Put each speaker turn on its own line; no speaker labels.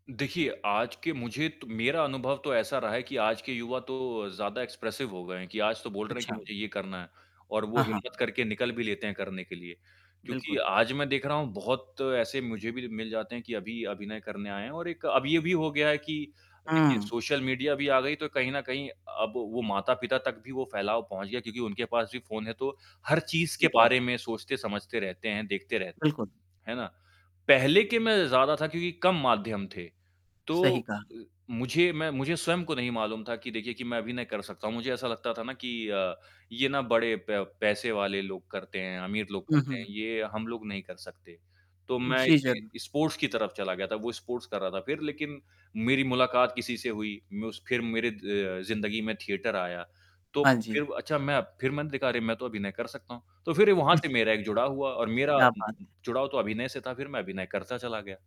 देखिए, आज के मुझे तो मेरा अनुभव तो ऐसा रहा है कि आज के युवा तो ज़्यादा एक्सप्रेसिव हो गए हैं कि आज तो बोल रहे हैं कि
अच्छा।
मुझे ये करना है। और वो
हाँ, हाँ।
हिम्मत करके निकल भी लेते हैं करने के लिए। क्योंकि
बिल्कुल।
आज मैं देख रहा हूँ बहुत ऐसे मुझे भी मिल जाते हैं कि अभी अभिनय करने आए हैं और एक अब ये भी हो गया है कि देखिए
हुँ।
सोशल मीडिया भी आ गई तो कहीं न कहीं अब वो माता-पिता तक भी वो फ़ैलाव पहुँच गया क्योंकि उनके पास भी फ़ोन है तो हर चीज़ के
ठीक है।
बारे में सोचते समझते रहते हैं, देखते रहते हैं।
बिल्कुल।
है ना? पहले के मैं ज़्यादा था क्योंकि कम माध्यम थे। तो
सही कहा।
अ, मुझे मैं मुझे स्वयं को नहीं मालूम था कि देखिए कि मैं अभी नहीं कर सकता हूँ। मुझे ऐसा लगता था ना कि अ, ये ना बड़े प पैसे वाले लोग करते हैं, अमीर लोग
हुँ,
करते हैं,
हुँ।
ये हम लोग नहीं कर सकते। तो मैं
जी, ज़रूर।
इसलिए स्पोर्ट्स की तरफ़ चला गया था। वो स्पोर्ट्स कर रहा था फ़िर लेक़िन मेरी मुलाकात किसी से हुई। मैं उस फ़िर मेरी अ, ज़िंदगी में थिएटर आया। तो
हाँ जी।
फ़िर अच्छा मैं फ़िर मैंने देखा अरे मैं तो अभिनय कर सकता हूँ। तो फ़िर वहाँ
हुँ।
से मेरा एक जुड़ाव हुआ और मेरा
क्या
उम
बात है।
उम, जुड़ाव तो अभिनय से था फ़िर मैं अभिनय करता चला गया।